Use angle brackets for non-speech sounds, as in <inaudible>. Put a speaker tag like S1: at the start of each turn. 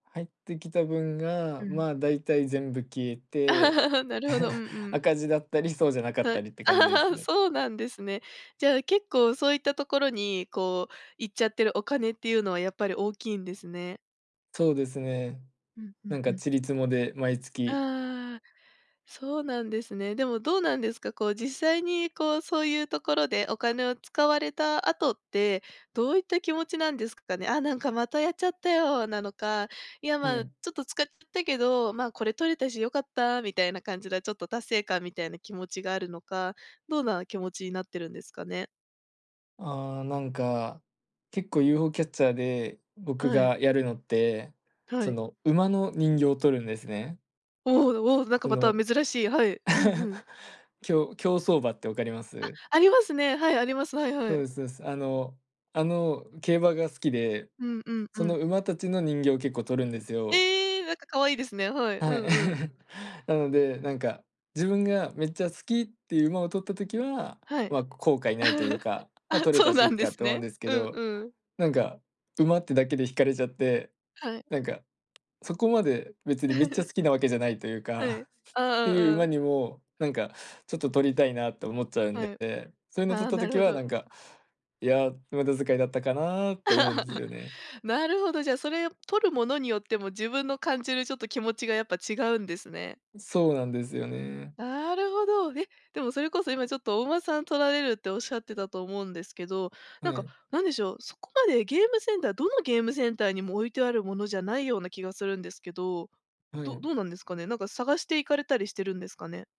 S1: 入ってきた分が、
S2: うん。
S1: まあ、大体全部消えて、
S2: <laughs> なるほど、うんう
S1: <chuckles>
S2: ん。
S1: 赤字だったり、そうじゃなかっ
S2: は
S1: た
S2: い。
S1: りって感じです
S2: <laughs>
S1: ね。
S2: そうなんですね。じゃあ、結構そういったところに、こう、行っちゃってるお金っていうのは、やっぱり大きいんですね。
S1: そうですね。
S2: うんう
S1: な
S2: ん
S1: んか
S2: うん、ん。
S1: 塵つもで、毎月。
S2: ああ、そうなんですね。でも、どうなんですか。こう、実際に、こう、そういうところでお金を使われた後って、どういった気持ちなんですかね。「あ、なんか、またやっちゃったよ」なのか、「いや、
S1: は
S2: ま、ち
S1: い。
S2: ょっと使っちゃったけど、ま、これ取れたし良かった」みたいな感じで、ちょっと達成感みたいな気持ちがあるのか。どんな気持ちになってるんですかね。
S1: ああ、なんか、結構、UFO キャッチャーで僕
S2: はい。
S1: がやるのって、
S2: は
S1: そ
S2: い。
S1: の、馬の人形を取るんですね。
S2: おうおう、なんか
S1: そ
S2: また
S1: の
S2: 珍しい、はい。うんう
S1: <laughs>
S2: ん。
S1: 競競走馬って分かりま
S2: あ、
S1: す？
S2: ありますね。はい、あります、はいは
S1: そう
S2: い。
S1: ですそうです。あの、あの、競馬が好きで。
S2: うんうん
S1: そ
S2: う
S1: の
S2: ん。
S1: 馬たちの人形を結構取るんですよ。
S2: ええ、なんか可愛いですね。はい。う
S1: はい。
S2: んうん。
S1: <chuckles> なので、なんか、自分がめっちゃ好きっていう馬を取った時は、
S2: はい。
S1: ま、後悔ないという
S2: <laughs>
S1: か、ま、
S2: あ、
S1: 「取れ
S2: そ
S1: た
S2: う
S1: し、い
S2: な
S1: っ
S2: んで
S1: か」
S2: す
S1: と思うん
S2: ね。
S1: ですけ
S2: うん
S1: ど。
S2: うん。
S1: なんか、馬ってだけで惹かれちゃって、
S2: はい。
S1: なんか、そこまで別にめっちゃ
S2: <laughs>
S1: 好きなわけじゃないという
S2: はい。
S1: か、<giggles>
S2: あ
S1: って
S2: あ、
S1: いう
S2: う
S1: 馬
S2: ん。
S1: にも、なんか、ちょっと取りたいなと思っちゃうんで
S2: は
S1: っ
S2: い。
S1: て、そういうの取
S2: あ
S1: っ
S2: あ、
S1: た
S2: なる
S1: 時
S2: ほ
S1: は、な
S2: ど。
S1: んか「いや、無駄遣いだったかな」って思うんですよね。
S2: <laughs> なるほど。じゃあ、それを、取るものによっても、自分の感じる、ちょっと、気持ちがやっぱ違うんですね。
S1: ん、そうなんですよね。
S2: なるほど。ででも、それこそ、今ちょっとお馬さん取られるって仰ってたと思うんですけど、な
S1: は
S2: んか、
S1: い。
S2: 何でしょう、そこまでゲームセンターどのゲームセンターにも置いてあるものじゃないような気がするんですけど。
S1: は
S2: どど
S1: い。
S2: うなんですかね？なんか、探して行かれたりしてるんですかね？